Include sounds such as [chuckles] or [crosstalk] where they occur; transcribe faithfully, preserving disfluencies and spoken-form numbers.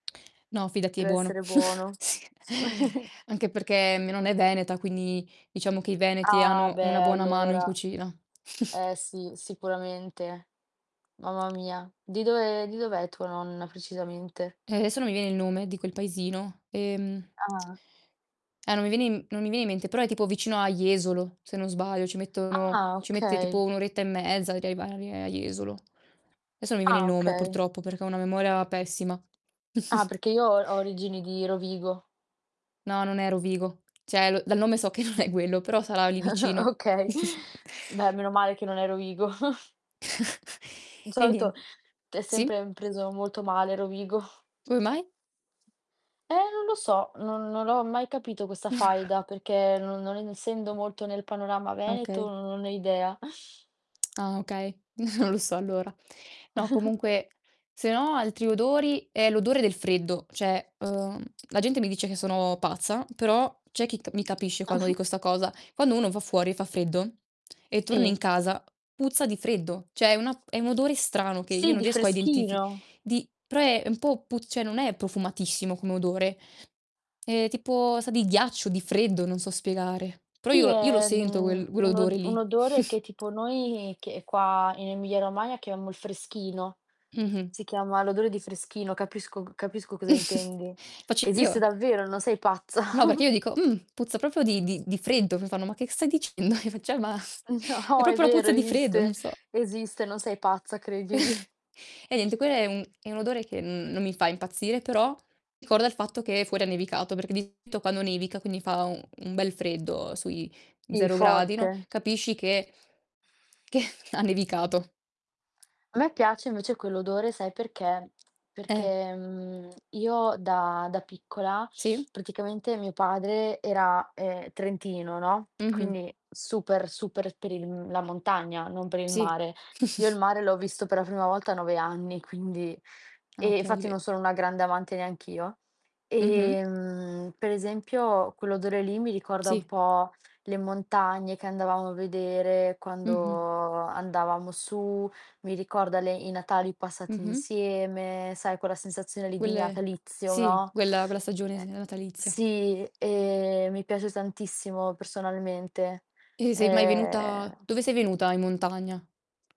No, fidati è buono. Dev'essere buono. [chuckles] [sighs] [chuckles] Anche perché, mia nonna è veneta, quindi, diciamo che i veneti Ah, hanno beh, e una buona mano in allora! cucina. [chuckles] Eh, sì. Sicuramente. Mamma mia. Di dove di dov'è tua nonna precisamente? Eh, esso non mi viene il nome di quel paesino. Ehm Ah. Eh, no mi viene in m non mi viene in mente, però è tipo vicino a Jesolo, se non sbaglio, ci mettono Ah, ci mette okay. tipo un oretta e mezza a arrievare a Jesolo. Esso mi viene il Ah, nome okay. purtroppo, perché ho una memoria pessima. Ah, perché [snorts] io ho ho origini di Rovigo. No, non è Rovigo. ceh, lo dal nome so che non è guello, però sarà o lì [chuckles] vicino. Okay. [chuckles] Beh, meno male che non è Rovigo. [chuckles] [chuckles] Di Eh solito niente. t è Sì? sempre m preso molto male Rovigo. Come mai? Eh non lo so, non non l'ho mai capito questa [exhales] faida, perché non non ensendo molto nel panorama veneto Okay. non non ho idea. Ah, okay. [chuckles] Non lo so allora. No, [chuckles] comunque se no altri odori, eh, l'odore del freddo. Cioè, uhm, la gente mi dice che sono pazza, però c'è chi t mi capisce quando Ah-ah. dico 'sta cosa: quando uno va fuori e fa freddo, e torna Sì. in casa, puzza di freddo. ceh, è una è un odore strano, che io Sì, non di riesco a identifi freschino. di pre è un po' pu cioè, non è profumatissimo come odore; è, tipo sa di ghiaccio, di freddo, non so spiegare. Però, Sì, io io lo è, sento mhmm, uel guell un odore o un lì. odore [chuckles] che, tipo, noi che qua, in Emilia Romagna, chiamo il freschino. Mh-mh. Si chiama l'odore di freschino, capisco capisco cosa [chuckles] intendi. Facc Esiste io davvero, no sei pazza. No, perché [chuckles] io dico: "Mh! Puzza propo di di di freddo!" Mi fanno: "Ma che stai dicendo?" [chuckles] Io faccio: "Eh, ma" è No, è propo la vero, puzza di freddo, non esiste. so. Esiste, non sei pazza, credimi. [chuckles] Eh niente, quelle è un è un odore che n non mi fa impazzire, però ricorda il fatto che fuori ha nevicato, perché di solito quando nevica, quindi fa u un bel freddo, sui I zero gradi, forte. no, capisci che che ha nevicato. A me piace, invece, quell'odore, sai perché? Eh. Perché, mhmm, io da da piccola Sì? praticamente mio padre era, ehm, trentino, no, Mh-mh. quindi super, super per il la montagna, non per il Sì. mare. Io il [chuckles] mare l'ho visto per la prima volta a nove anni, quindi Ah, e okay, infatti beh. non sono una grande amante neanch'io. Mh-mh. Ehm, per esempio, quell'odore lì mi ricorda un Sì. po' le montagne che andavamo a vedere quando Mh-mh. andavamo su, mi ricorda le i Natali passati Mh-mh. insieme, sai, quella sensazione lì di guelle neatalizio, sì, no? guella guella stagione, s Ehm, natalizia. sì, e mi piace tantissimo personalmente. E sei mai venuta Ehm dove sei venuta in montagna?